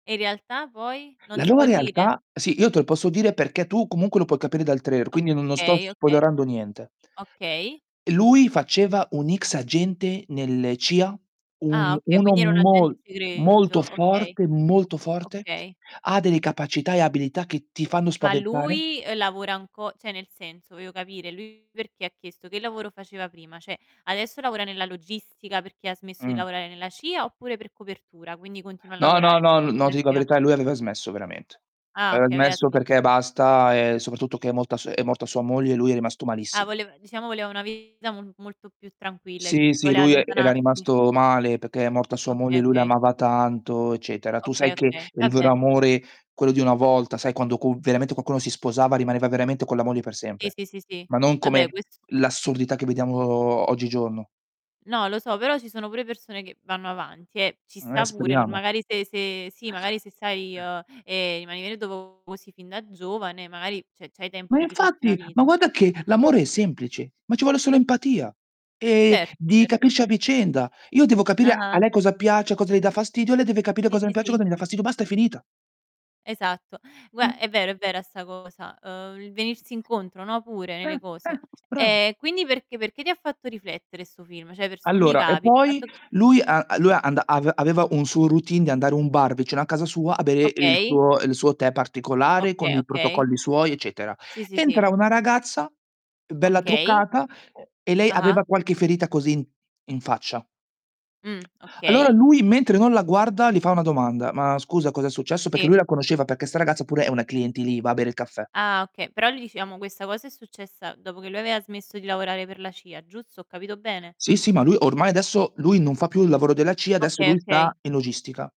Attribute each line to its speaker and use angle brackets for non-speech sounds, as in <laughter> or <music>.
Speaker 1: E in realtà poi non
Speaker 2: La
Speaker 1: si
Speaker 2: nuova
Speaker 1: può dire?
Speaker 2: realtà sì io te lo posso dire perché tu comunque lo puoi capire dal trailer, quindi no non sto
Speaker 1: Okay. Okay.
Speaker 2: spoilerando niente.
Speaker 1: Okay.
Speaker 2: E lui faceva un ex agente nelle CIA,
Speaker 1: Ah,
Speaker 2: un
Speaker 1: okay,
Speaker 2: uno
Speaker 1: quindi era un agente
Speaker 2: mol molto
Speaker 1: segreto, okay.
Speaker 2: forte molto forte.
Speaker 1: Okay.
Speaker 2: Ha delle capacità e abilità che ti fanno
Speaker 1: Ma
Speaker 2: spaventare.
Speaker 1: lui, ehm, lavora anco cioè nel senso, voglio capire: lui perché ha chiesto? Che lavoro faceva prima? Cioè adesso lavora nella logistica perché ha smesso di
Speaker 2: Mh.
Speaker 1: lavorare nella CIA oppure per copertura, quindi continua a
Speaker 2: No, no,
Speaker 1: lavorare
Speaker 2: no, no
Speaker 1: <unintelligible>
Speaker 2: ti dico la
Speaker 1: CIA?
Speaker 2: verità, lui aveva smesso veramente.
Speaker 1: Ah,
Speaker 2: Aveva
Speaker 1: okay, aveva
Speaker 2: smesso perché
Speaker 1: smesso.
Speaker 2: basta, ehm, soprattutto che è molta su è morta sua moglie e lui è rimasto
Speaker 1: Ah,
Speaker 2: malissimo.
Speaker 1: volev diciamo voleva una vita mo molto più tranquilla e
Speaker 2: Sì,
Speaker 1: tutto,
Speaker 2: sì,
Speaker 1: voleva
Speaker 2: lui e era
Speaker 1: allontanarsi.
Speaker 2: rimasto male perché è morta sua moglie,
Speaker 1: Okay.
Speaker 2: lui
Speaker 1: Okay.
Speaker 2: l'amava tanto, eccetera. Tu
Speaker 1: Okay.
Speaker 2: sai che
Speaker 1: Okay,
Speaker 2: il vero
Speaker 1: vabbè.
Speaker 2: amore, quello di una volta, sai quando co veramente qualcuno si sposava rimaneva veramente con la moglie per
Speaker 1: Sì,
Speaker 2: sempre.
Speaker 1: sì, sì, sì.
Speaker 2: Ma non
Speaker 1: Vabbè
Speaker 2: come
Speaker 1: ques
Speaker 2: l'assurdità che vediamo oggigiorno.
Speaker 1: No, lo so, però ci sono pure persone che vanno avanti, eh. Ci
Speaker 2: Eh
Speaker 1: sta pure, nor
Speaker 2: speriamo.
Speaker 1: magari se se sì, magari se sai, uhm, ehm, rimanere do vo sin fin da giovane, magari, cioè c'hai tempo
Speaker 2: Ma
Speaker 1: per rifarti una
Speaker 2: infatti, ma
Speaker 1: vita.
Speaker 2: guarda che l'amore è semplice, ma ci vuole solo empatia. Ehm,
Speaker 1: Certo,
Speaker 2: di
Speaker 1: certo.
Speaker 2: capirci a vicenda. Io devo capire a
Speaker 1: Ah-ah.
Speaker 2: lei cosa piace, cosa le dà fastidio, lei deve capire
Speaker 1: Sì,
Speaker 2: cosa mi
Speaker 1: sì,
Speaker 2: piace,
Speaker 1: sì.
Speaker 2: cosa mi dà fastidio. Basta, è finita.
Speaker 1: Esatto.
Speaker 2: Eh.
Speaker 1: Gua è vero, è vera 'sta cosa, ehm, il venirsi incontro, no, pure
Speaker 2: Eh,
Speaker 1: nelle cose.
Speaker 2: eh bravo.
Speaker 1: Eh, quindi perché perché ti ha fatto riflettere 'sto film? Cioè, per sommi
Speaker 2: Allora, e
Speaker 1: capi, il
Speaker 2: poi
Speaker 1: fatto che
Speaker 2: lui a a lui anda ave aveva un suo routine di andare un bar vicino a casa sua a bere il
Speaker 1: Okay.
Speaker 2: suo il suo tè particolare con
Speaker 1: Okay.
Speaker 2: i
Speaker 1: Okay.
Speaker 2: protocolli suoi, eccetera.
Speaker 1: Sì, sì, sì.
Speaker 2: Entra una ragazza, bella
Speaker 1: Okay.
Speaker 2: truccata e lei aveva
Speaker 1: Ah-ah.
Speaker 2: qualche ferita così in in faccia.
Speaker 1: Mh,
Speaker 2: Allora
Speaker 1: okay.
Speaker 2: lui mentre non la guarda li fa una domanda: "Ma scusa, cos'è successo?" Perché
Speaker 1: Sì.
Speaker 2: lui la conosceva, perché 'sta ragazza pure è una clienti lì, va a bere il caffè.
Speaker 1: Ah, okay, però lì, diciamo, questa cosa è successa dopo che lui aveva smesso di lavorare per la CIA, giusto? Ho capito bene?
Speaker 2: Sì, sì, ma lui ormai adesso lui non fa più il lavoro della CIA, adesso
Speaker 1: Okay.
Speaker 2: lui
Speaker 1: Okay.
Speaker 2: sta in logistica.